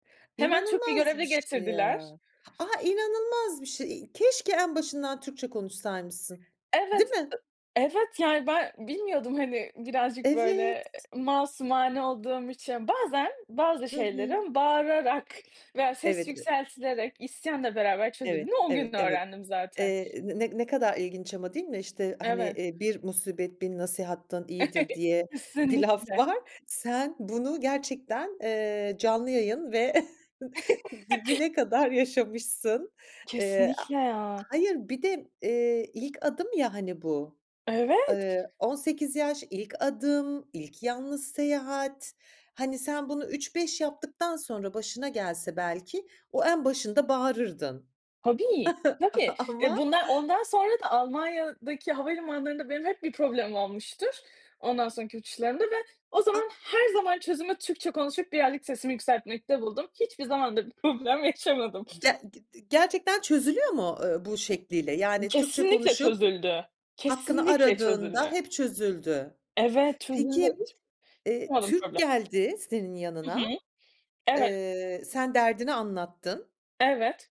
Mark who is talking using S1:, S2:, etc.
S1: Hemen Türk bir
S2: İnanılmaz bir
S1: görevli
S2: şey
S1: getirdiler.
S2: ya. Ah, inanılmaz bir şey. İii, keşke en başından Türkçe konuşsaymışsın, değil
S1: Evet,
S2: mi?
S1: ı evet, yani, ben bilmiyordum. Hani, birazcık, böyle,
S2: Evet.
S1: eee, masumane olduğum için. Bazen bazı
S2: Hı hı.
S1: şeylerin bağırarak veya ses
S2: Evet ı
S1: yükseltilerek, isyanla beraber
S2: Evet.
S1: çözüldüğünü o gün
S2: Evet. Evet,
S1: öğrendim zaten.
S2: eee, n ne kadar ilginç ama, değil mi? İşte hani,
S1: Evet.
S2: eee, "Bir musibet, bin nasihatten iyidir." diye bir laf
S1: Kesinlikle.
S2: var. Sen bunu gerçekten, eee, canlı yayın ve dibine kadar yaşamışsın. Eee, a
S1: Kesinlikle, ya.
S2: hayır, bir de, eee, ilk adım ya, hani bu,
S1: Evet.
S2: ııı, 18 yaş, ilk adım, ilk yalnız seyahat. Hani, sen bunu üç beş yaptıktan sonra başına gelse belki, o en başında bağırırdın.
S1: Tabii, tabii ve
S2: Ama
S1: bundan ondan sonra da Almanya'daki havalimanlarında benim hep bir problemim olmuştur, ondan sonraki uçuşlarımda da. Ve o
S2: A
S1: zaman her zaman çözümü Türkçe konuşup birazcık sesimi yükseltmekte buldum. Hiçbir zaman da bir problem yaşamadım.
S2: Ge g di gerçekten çözülüyor mu, ııı, bu
S1: İ
S2: şekliyle? Yani, Türkçe
S1: Kesinlikle
S2: konuşup
S1: çözüldü,
S2: hakkını
S1: kesinlikle
S2: aradığında
S1: çözümü
S2: hep çözüldü.
S1: Evet, çözüldü.
S2: Peki,
S1: Hiç
S2: ııı,
S1: yaşamadım
S2: Türk
S1: problem.
S2: geldi senin
S1: Hı hı,
S2: yanına.
S1: evet.
S2: Iıı, sen derdini anlattın.
S1: Evet.